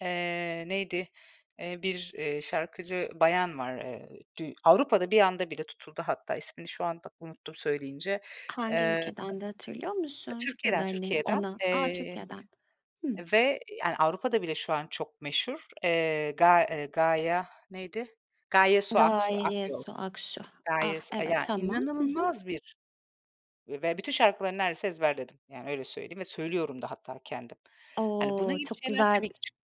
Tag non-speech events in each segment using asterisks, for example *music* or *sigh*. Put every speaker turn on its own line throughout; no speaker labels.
Eee, neydi, eee, bir, eee, şarkıcı bayan var. Eee, dü Avrupa'da bir anda bir de tutuldu hatta, ismini şu anda unuttum söyleyince.
Hangi
Eee,
ülkedendi hatırlıyor musun ya da,
Türkiye'den,
hani,
Türkiye'den,
ona, a,
eee,
Türkiye'den? Hımm.
ve, yani, Avrupa'da bile şu an çok meşhur, eee, Ga eee, Gaya, neydi? Gaye Su Aks eee,
Gaye
Akyol.
Su Aksu. Ah,
Gaye Su, eee,
evet
ya
tamam. Hı hı.
inanılmaz bir ve bütün şarkıları neredeyse ezberledim. Yani, öyle söyleyeyim ve söylüyorum da hatta kendim. Hani, bunun
O
gibi
çok
şeyler
güzel.
tabii ki çıkıyor.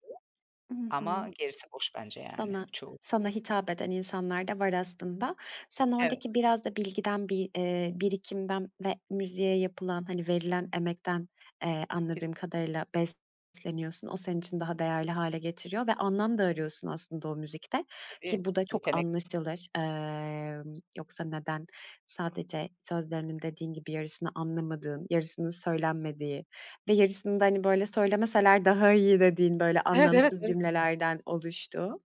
Hı hı.
Ama gerisi boş
S
bence yani çoğu.
sana hitap eden insanlar da var aslında. Sen
Evet.
oradaki biraz da bilgiden, bir, eee, birikimden ve müziğe yapılan, hani verilen emekten, eee, anladığım
Kesinlikle.
kadarıyla besleniyorsun. O senin için daha değerli hâle getiriyor ve anlam da arıyorsun aslında o müzikte
Tabii,
ki bu da çok
yetenekli.
anlaşılır. Emm, yoksa neden sadece sözlerinin dediğin gibi yarısını anlamadığın, yarısının söylenmediği ve yarısını da, hani, böyle söylemeseler daha iyi dediğin, böyle,
Evet, evet,
anlamsız
evet.
cümlelerden oluştuğu,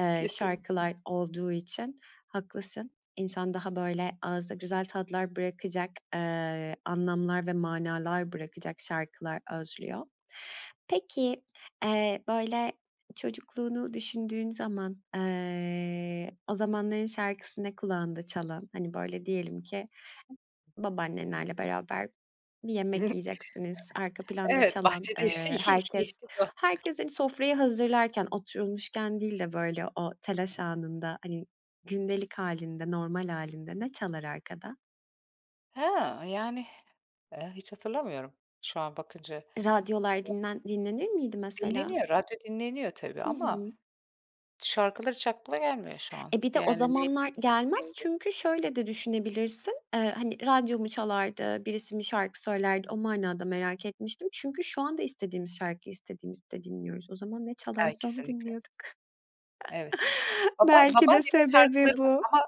eee,
Kesin.
şarkılar olduğu için haklısın. İnsan daha, böyle, ağızda güzel tatlar bırakacak, eee, anlamlar ve manalar bırakacak şarkılar özlüyor. Peki, eee, böyle çocukluğunu düşündüğün zaman, eee, o zamanların şarkısı ne kulağında çalan? Hani, böyle, diyelim ki babaannenlerle beraber bir yemek
*giggles*
yiyeceksiniz. Arka planda
Evet,
çalan,
bahçe *unintelligible*
eee, herkes,
*chuckles*
herkes, hani, sofrayı hazırlarken, oturulmuşken değil de, böyle, o telaş anında, hani, gündelik hâlinde, normal hâlinde ne çalar arkada?
Ha, yani, eee, hiç hatırlamıyorum şu an bakınca
Radyolar
*unintelligible*
dinlen dinlenir miydi mesela?
Dinleniyor, radyo dinleniyor tabii
Hı
ama
hı.
şarkılar hiç aklıma gelmiyor şu an.
E, bir de o
Yani, ney,
zamanlar gelmez
neydi?
çünkü şöyle de düşünebilirsin. Eee, hani, radyo mu çalardı, birisi mi şarkı söylerdi o manada merak etmiştim çünkü şu anda istediğimiz şarkıyı istediğimizde dinliyoruz. O zaman ne
Ay,
çalarsa onu
kesinlikle.
dinliyorduk.
Evet,
*chuckles*
baba
Belki de
babaannemin şarkıları
sebebi
var
bu.
ama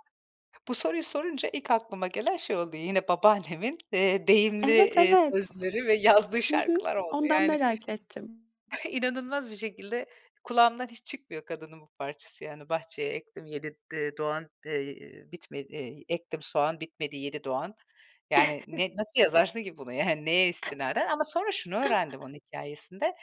bu soruyu sorunca ilk aklıma gelen şey oldu, yine babaannemin, eee, deyimli,
Evet,
eee,
evet.
sözleri ve yazdığı
Hı hı.
şarkılar oldu.
Ondan
Yani,
merak ettim.
*chuckles* inanılmaz bir şekilde kulağımdan hiç çıkmıyor kadının bu parçası. Yani, "Bahçeye ektim 7 d doğan, eee, bitmedi. Ektim soğan, bitmedi 7 doğan." Yani,
*chuckles*
ne, nasıl yazarsın ki bunu? Yani, neye istinaden? Ama sonra şunu öğrendim onun hikâyesinde.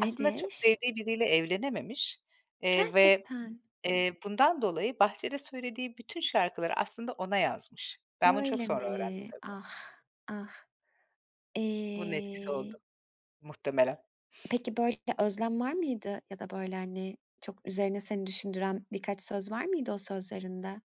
Aslında çok sevdiği biriyle evlenememiş, eee, ve,
Gerçekten.
eee, bundan dolayı bahçede söylediği bütün şarkıları aslında ona yazmış. Ben bunu çok
Öyle
sonra öğrendim
mi?
tabii.
Ah, ah.
Bunun etkisi oldu
Eee
muhtemelen.
Peki, böyle, bir özlem var mıydı ya da, böyle, hani, çok üzerine seni düşündüren birkaç söz var mıydı o sözlerinde?